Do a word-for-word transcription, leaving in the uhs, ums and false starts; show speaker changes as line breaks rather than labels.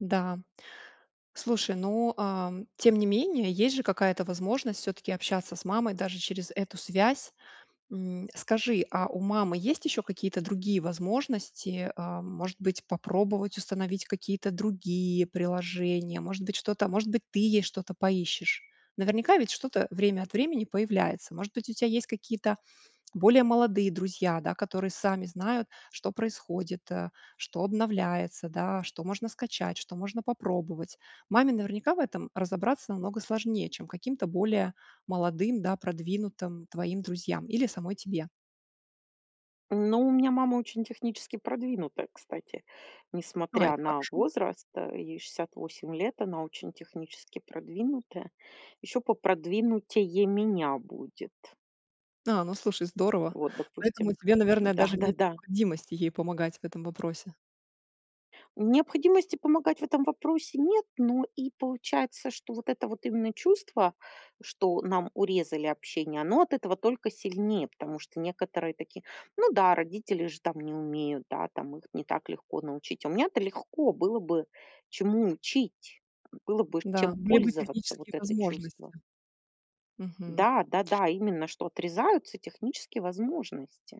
Да, слушай, ну, ам, тем не менее, есть же какая-то возможность всё-таки общаться с мамой даже через эту связь. М, скажи, а у мамы есть ещё какие-то другие возможности? А, может быть, попробовать установить какие-то другие приложения? Может быть, что-то а может быть, ты ей что-то поищешь? Наверняка ведь что-то время от времени появляется. Может быть, у тебя есть какие-то более молодые друзья, да, которые сами знают, что происходит, а что обновляется, да. Что можно скачать, что можно попробовать. Маме наверняка в этом разобраться намного сложнее, чем каким-то более молодым, да, продвинутым твоим друзьям или самой тебе.
Ну, у меня мама очень технически продвинутая, кстати.
А,
Несмотря
это
на
хорошо.
возраст, а ей шестьдесят восемь лет, она очень технически продвинутая. Ещё попродвинутее меня будет.
А, ну слушай, здорово.
Вот,
Поэтому
допустим
тебе, наверное, даже нет
Да-да-да.
необходимости ей помогать в этом вопросе.
Необходимости помогать в этом вопросе нет, но и получается, что вот это вот именно чувство, что нам урезали общение, оно от этого только сильнее. Потому что некоторые такие: "Ну да, родители же там не умеют, да, там их не так легко научить". А у меня-то легко было бы чему учить. Было бы
Да,
чем
были бы
пользоваться вот
технические
это чувство.
возможности. Мгм.
Да да-да, именно, что отрезаются технические возможности.